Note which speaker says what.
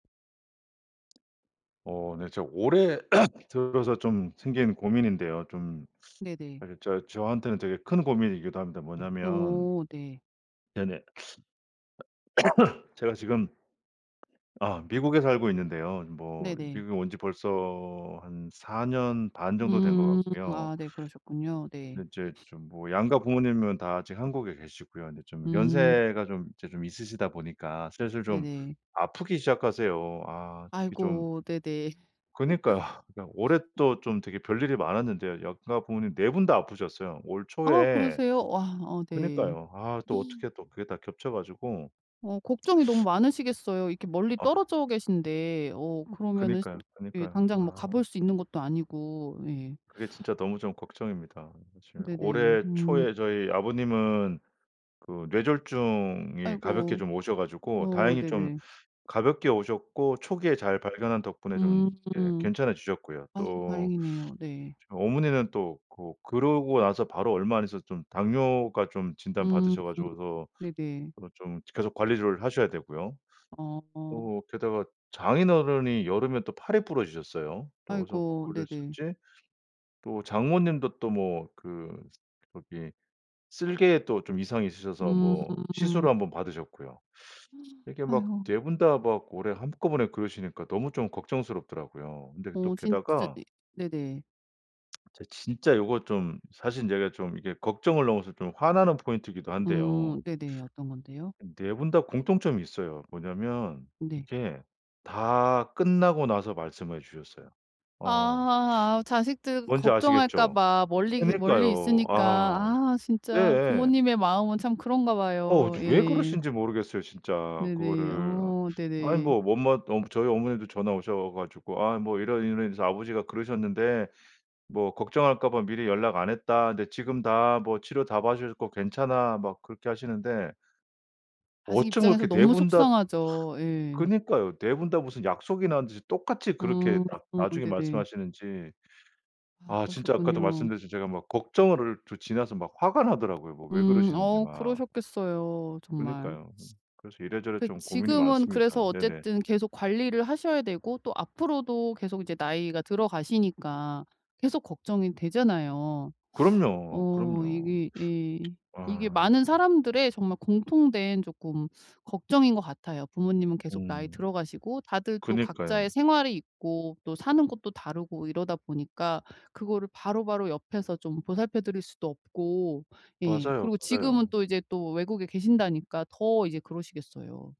Speaker 1: 어 네. 제가 올해 들어서 좀 생긴 고민인데요. 좀
Speaker 2: 네네.
Speaker 1: 아 이제 저 저한테는 되게 큰 고민이기도 합니다. 뭐냐면
Speaker 2: 어 네.
Speaker 1: 네네. 제가 지금 아 미국에 살고 있는데요. 뭐
Speaker 2: 네네.
Speaker 1: 미국에 온 지 벌써 한 4 년 반 정도 된 것
Speaker 2: 음
Speaker 1: 같고요.
Speaker 2: 아 네. 그러셨군요. 네.
Speaker 1: 근데 이제 좀 뭐 양가 부모님은 다 지금 한국에 계시고요. 인제 좀
Speaker 2: 음.
Speaker 1: 연세가 좀 인제 좀 있으시다 보니까 슬슬 좀
Speaker 2: 네네.
Speaker 1: 아프기 시작하세요. 아 특히 좀
Speaker 2: 아이고. 네네.
Speaker 1: 그니까요. 아 올해 또 좀 되게 별일이 많았는데요. 양가 부모님 4 분 다 아프셨어요. 올
Speaker 2: 아
Speaker 1: 초에
Speaker 2: 그러세요? 와 어 네.
Speaker 1: 그니까요. 아 또 어떻게 또 그게 다 겹쳐 가지고
Speaker 2: 어 걱정이 너무 많으시겠어요. 이렇게 멀리
Speaker 1: 아.
Speaker 2: 떨어져 계신데 어 그러면은
Speaker 1: 그니까요,
Speaker 2: 예
Speaker 1: 그니까요.
Speaker 2: 당장 뭐
Speaker 1: 아.
Speaker 2: 가볼 수 있는 것도 아니고. 예.
Speaker 1: 그게 진짜 너무 좀 걱정입니다. 사실
Speaker 2: 네네.
Speaker 1: 올해 초에
Speaker 2: 음.
Speaker 1: 저희 아버님은 그 뇌졸중이 가볍게
Speaker 2: 아이고.
Speaker 1: 좀 오셔 가지고
Speaker 2: 어
Speaker 1: 다행히 좀
Speaker 2: 네네.
Speaker 1: 가볍게 오셨고 초기에 잘 발견한 덕분에 좀 예
Speaker 2: 음.
Speaker 1: 괜찮아지셨고요.
Speaker 2: 아
Speaker 1: 또
Speaker 2: 다행이네요. 네.
Speaker 1: 저 어머니는 또 그 그러고 나서 바로 얼마 안 있어서 좀 당뇨가 좀
Speaker 2: 음
Speaker 1: 진단받으셔 가지고서
Speaker 2: 네네.
Speaker 1: 어 좀 계속 관리를 하셔야 되고요.
Speaker 2: 어.
Speaker 1: 또 게다가 장인어른이 여름에 또 팔이 부러지셨어요. 또 어디서
Speaker 2: 아이고 네네.
Speaker 1: 걸리셨지. 또 장모님도 또 뭐 그 저기 쓸개에 또 좀 이상이 있으셔서 뭐
Speaker 2: 음.
Speaker 1: 시술을 1 번 받으셨고요. 이렇게 막
Speaker 2: 아이고.
Speaker 1: 4 분 다 막 올해 한꺼번에 그러시니까 너무 좀 걱정스럽더라고요. 근데 또
Speaker 2: 어 진짜
Speaker 1: 게다가
Speaker 2: 이 네네.
Speaker 1: 저 진짜 이것 좀 사실 제가 좀 이게 걱정을 넘어서 좀 화나는 포인트이기도 한데요.
Speaker 2: 음 네네. 어떤 건데요?
Speaker 1: 4 분 다 공통점이 있어요. 뭐냐하면
Speaker 2: 네.
Speaker 1: 이게 다 끝나고 나서 말씀해 주셨어요. 아.
Speaker 2: 아 자식들
Speaker 1: 뭔지
Speaker 2: 걱정할까
Speaker 1: 아시겠죠?
Speaker 2: 봐 멀리 멀리
Speaker 1: 그니까요.
Speaker 2: 있으니까
Speaker 1: 아.
Speaker 2: 아 진짜
Speaker 1: 예예.
Speaker 2: 부모님의 마음은 참 그런가
Speaker 1: 어
Speaker 2: 봐요.
Speaker 1: 저 왜
Speaker 2: 예.
Speaker 1: 그러신지 모르겠어요 진짜
Speaker 2: 네네.
Speaker 1: 그거를.
Speaker 2: 어
Speaker 1: 아니
Speaker 2: 네네.
Speaker 1: 뭐 엄마 어 저희 어머니도 전화 오셔 가지고 "아 뭐 이런, 이런 일이 있어서 아버지가 그러셨는데 뭐 걱정할까 봐 미리 연락 안 했다. 근데 지금 다 뭐 치료 다 받으셨고 괜찮아." 막 그렇게 하시는데
Speaker 2: 자식
Speaker 1: 어쩜
Speaker 2: 입장에서
Speaker 1: 그렇게 4
Speaker 2: 너무
Speaker 1: 분 다
Speaker 2: 속상하죠. 예.
Speaker 1: 그니까요. 4 분 다 무슨 약속이나 한듯이 똑같이 그렇게
Speaker 2: 어
Speaker 1: 나 나중에
Speaker 2: 네네.
Speaker 1: 말씀하시는지.
Speaker 2: 아
Speaker 1: 아 진짜 아까도
Speaker 2: 그러셨군요.
Speaker 1: 말씀드렸지만 제가 막 걱정을 좀 지나서 막 화가 나더라고요. 뭐 왜
Speaker 2: 음
Speaker 1: 그러시는지
Speaker 2: 어
Speaker 1: 막.
Speaker 2: 그러셨겠어요 정말.
Speaker 1: 그니까요. 그래서 이래저래
Speaker 2: 그
Speaker 1: 좀 고민이
Speaker 2: 지금은 그래서
Speaker 1: 많습니다. 네네.
Speaker 2: 어쨌든 계속 관리를 하셔야 되고 또 앞으로도 계속 이제 나이가 들어가시니까 계속 걱정이 되잖아요.
Speaker 1: 그럼요,
Speaker 2: 어
Speaker 1: 그럼요.
Speaker 2: 이게 이 이게
Speaker 1: 아.
Speaker 2: 많은 사람들의 정말 공통된 쪼끔 걱정인 것 같아요. 부모님은 계속 나이
Speaker 1: 음.
Speaker 2: 들어가시고 다들 또
Speaker 1: 그니까요.
Speaker 2: 각자의 생활이 있고 또 사는 곳도 다르고 이러다 보니까 그거를 바로바로 옆에서 좀 보살펴 드릴 수도 없고. 예.
Speaker 1: 맞아요,
Speaker 2: 그리고 지금은
Speaker 1: 맞아요.
Speaker 2: 또 이제 또 외국에 계신다니까 더 이제 그러시겠어요.